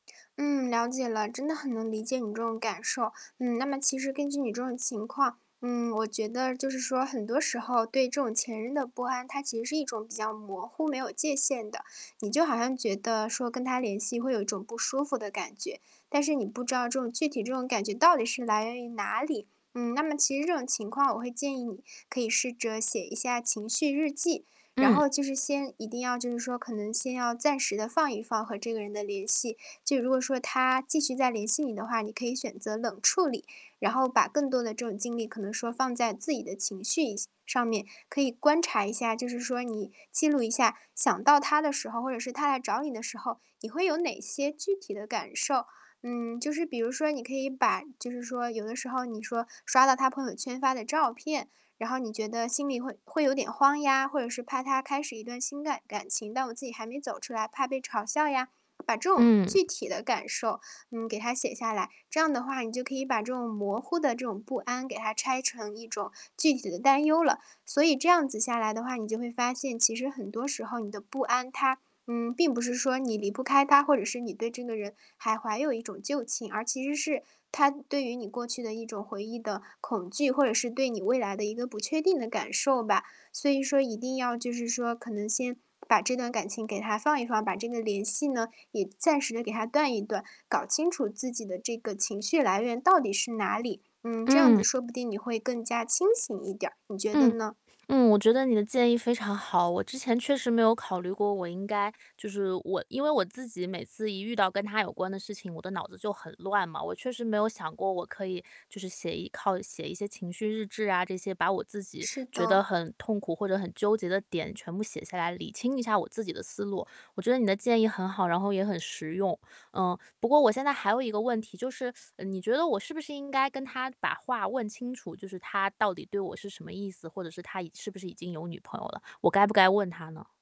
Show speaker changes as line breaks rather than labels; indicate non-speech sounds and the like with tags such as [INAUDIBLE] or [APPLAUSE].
嗯，了解了，真的很能理解你这种感受。嗯，那么其实根据你这种情况，嗯，我觉得就是说很多时候对这种前任的不安，它其实是一种比较模糊，没有界限的。你就好像觉得说跟他联系会有一种不舒服的感觉，但是你不知道这种具体这种感觉到底是来源于哪里。嗯，那么其实这种情况我会建议你可以试着写一下情绪日记。然
嗯。
后就是先一定要就是说，可能先要暂时地放一放和这个人的联系。就如果说他继续再联系你的话，你可以选择冷处理，然后把更多的这种精力可能说放在自己的情绪一上面，可以观察一下，就是说你记录一下想到他的时候，或者是他来找你的时候，你会有哪些具体的感受。嗯，就是比如说你可以把就是说有的时候你说刷到他朋友圈发的照片，然后你觉得心里会会有点慌呀，或者是怕他开始一段新感感情，但我自己还没走出来，怕被嘲笑呀。把这种
嗯。
具体的感受，嗯，给它写下来。这样的话你就可以把这种模糊的这种不安给它拆成一种具体的担忧了。所以这样子下来的话，你就会发现其实很多时候你的不安它，嗯，并不是说你离不开他，或者是你对这个人还怀有一种旧情，而其实是它对于你过去的一种回忆的恐惧，或者是对你未来的一个不确定的感受吧。所以说一定要就是说可能先把这段感情给他放一放，把这个联系呢，也暂时地给他断一断，搞清楚自己的这个情绪来源到底是哪里。嗯，这样子
嗯。
说不定你会更加清醒一点儿，你觉得
嗯。
呢？
嗯，我觉得你的建议非常好。我之前确实没有考虑过，我应该就是我因为我自己每次一遇到跟他有关的事情，我的脑子就很乱嘛，我确实没有想过，我可以就是写一靠写一些情绪日志啊这些，把我自己
是
觉得
的。
很痛苦或者很纠结的点全部写下来，理清一下我自己的思路。我觉得你的建议很好，然后也很实用。嗯，不过我现在还有一个问题，就是 [SUCKS TEETH] 你觉得我是不是应该跟他把话问清楚，就是他到底对我是什么意思？或者是他已是不是已经有女朋友了，我该不该问他呢？